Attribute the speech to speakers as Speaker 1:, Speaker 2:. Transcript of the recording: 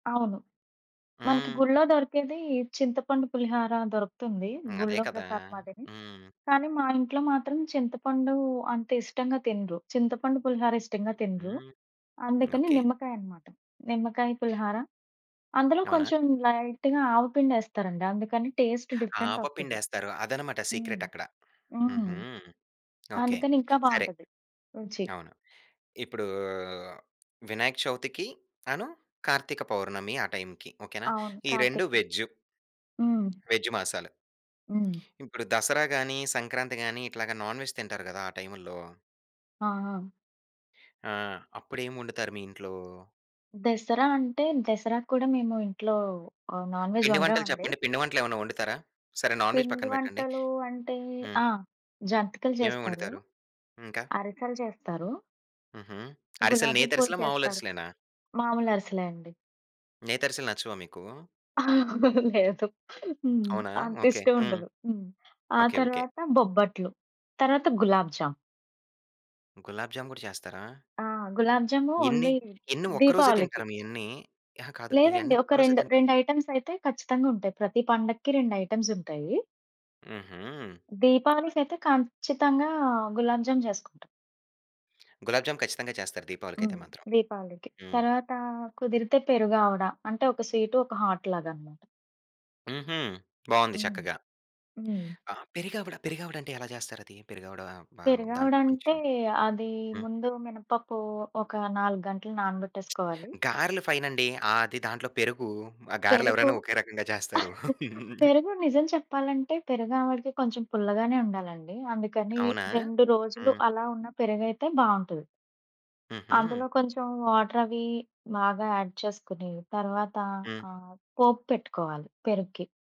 Speaker 1: అవును. మనకి
Speaker 2: హ్మ్.
Speaker 1: గుళ్ళొ దొరికేది చింతపండు పులిహార దొరుకుతుంది
Speaker 2: హ్మ్. అదే
Speaker 1: గుళ్ళో
Speaker 2: కదా!
Speaker 1: ప్రసాదం అదే.
Speaker 2: హ్మ్.
Speaker 1: కానీ మా ఇంట్లో మాత్రం చింతపండు అంత ఇష్టంగా తినరు. చింతపండు పులిహార ఇష్టంగా తినరు.
Speaker 2: హుహు.
Speaker 1: అందుకని
Speaker 2: ఓకే.
Speaker 1: నిమ్మకాయనమాట, నిమ్మకాయ పులిహార అందులో
Speaker 2: అవునా?
Speaker 1: కొంచెం లైట్‌గా ఆవపిండేస్తారండి. అందుకని టేస్ట్ డిఫరెంట్ ఒస్తది.
Speaker 2: ఆవపిండేస్తారు అదన్నమాట
Speaker 1: హ్మ్,
Speaker 2: సీక్రెట్ అక్కడ.
Speaker 1: హ్మ్.
Speaker 2: హుహు. ఓకే.
Speaker 1: అందుకని ఇంకా
Speaker 2: సరే.
Speaker 1: బావుంటది రుచి.
Speaker 2: అవును. ఇప్పుడూ వినాయక చవితికి అను కార్తీక పౌర్ణమి ఆ టైమ్‌కి ఓకేనా.
Speaker 1: అవును.
Speaker 2: ఈ రెండు
Speaker 1: కార్తీకం,
Speaker 2: వేజ్జు.
Speaker 1: హ్మ్.
Speaker 2: వేజ్ మాసాలు.
Speaker 1: హ్మ్.
Speaker 2: ఇప్పుడు దసరా గాని, సంక్రాంతి గాని ఇట్లాగ నాన్ వెజ్ తింటారు గదా ఆ టైము‌ల్లో
Speaker 1: ఆహా!
Speaker 2: ఆ! అప్పుడేం వండుతారు మీ ఇంట్లో?
Speaker 1: దసరా అంటే దసరాక్కూడా మేము ఇంట్లో ఆ నాన్‌వెజ్
Speaker 2: పిండి వంటలు
Speaker 1: వండమండి.
Speaker 2: చెప్పండి. పిండి వంటలేమన్నా వండుతారా? సరే నాన్ వేజ్
Speaker 1: పిండి
Speaker 2: పక్కన పెట్టండి.
Speaker 1: వంటలు అంటే,
Speaker 2: హ్మ్
Speaker 1: ఆ! జంతికలు
Speaker 2: ఏవేమి
Speaker 1: చేస్తారు.
Speaker 2: వండుతారు? ఇంకా?
Speaker 1: అరిసెలు చేస్తారు.
Speaker 2: హుహు. అరిసెలు
Speaker 1: గులాబీ పూలు
Speaker 2: నేతరిసెలా మాములు
Speaker 1: చేస్తారు.
Speaker 2: అరిసెలేనా?
Speaker 1: మామూలు అరిసెలే అండి.
Speaker 2: నేతఅరిసెలు నచ్చవా మీకూ?
Speaker 1: లేదు. హ్మ్.
Speaker 2: అవునా? ఓకే.
Speaker 1: అంతిష్టం
Speaker 2: హ్మ్.
Speaker 1: ఉండదు. హ్మ్. ఆ
Speaker 2: ఓకే, ఓకే.
Speaker 1: తరవాత బొబ్బట్లు. తరవాత గులాబ్ జామ్.
Speaker 2: గులాబ్ జామ్ కూడా చేస్తారా?
Speaker 1: ఆ! గులాబ్ జాము
Speaker 2: ఎన్ని?
Speaker 1: ఓన్లీ
Speaker 2: ఎన్ని ఒక్కరోజే
Speaker 1: దీపావళికి.
Speaker 2: తింటార మీయన్నీ? అహా! కాదు
Speaker 1: లేదండి.
Speaker 2: ఇయన్నీ
Speaker 1: ఒక
Speaker 2: ఒక్కరోజే
Speaker 1: 2
Speaker 2: తింటా
Speaker 1: రెండైటెమ్స్ అయితే ఖచ్చితంగా ఉంటాయి. ప్రతి పండక్కి రెండైటెమ్స్ ఉంటాయి.
Speaker 2: హుహు.
Speaker 1: దీపావళికయితే ఖంచ్చితంగా గులాబ్ జామ్ చేసుకుంటాం.
Speaker 2: గులాబ్ జామ్ ఖచ్చితంగా చేస్తారు దీపావళికైతే
Speaker 1: హ్మ్.
Speaker 2: మాత్రం.
Speaker 1: దీపావళికి.
Speaker 2: హ్మ్.
Speaker 1: తరవాత కుదిరితే పెరుగు ఆవడ. అంటే ఒక స్వీట్ ఒక హాట్ లాగాన్నమాట.
Speaker 2: హుహు. బావుంది
Speaker 1: హ్మ్.
Speaker 2: చక్కగా.
Speaker 1: హ్మ్.
Speaker 2: ఆ! పెరిగావడ పెరిగావడా అంటే ఎలా చేస్తారది? పెరుగావడ ఆహ్, బ దాంట్లో
Speaker 1: పెరుగావడంటే,
Speaker 2: కొంచెం
Speaker 1: అది
Speaker 2: హ్మ్.
Speaker 1: ముందు మినపప్పు ఒక 4 గంటలు నానబెట్టేసుకోవాలి.
Speaker 2: గారెలు ఫైనండి. ఆది దాంట్లో పెరుగు, ఆ గారెలు
Speaker 1: పెరుగు.
Speaker 2: ఎవరైనా ఒకే రకంగా చేస్తారు.
Speaker 1: పెరుగు నిజం చెప్పాలంటే పెరుగావడకి కొంచెం పుల్లగానే ఉండాలండి. అందుకని
Speaker 2: అవునా?
Speaker 1: 2 రోజులు
Speaker 2: హ్మ్.
Speaker 1: అలా ఉన్న పెరుగైతే బావుంటది.
Speaker 2: హుహు.
Speaker 1: అందులో కొంచెం వాటర్ అవి బాగా యాడ్ చేసుకొని. తర్వాత
Speaker 2: హ్మ్.
Speaker 1: ఆ పోపు పెట్టుకోవాలి పెరుగుకి.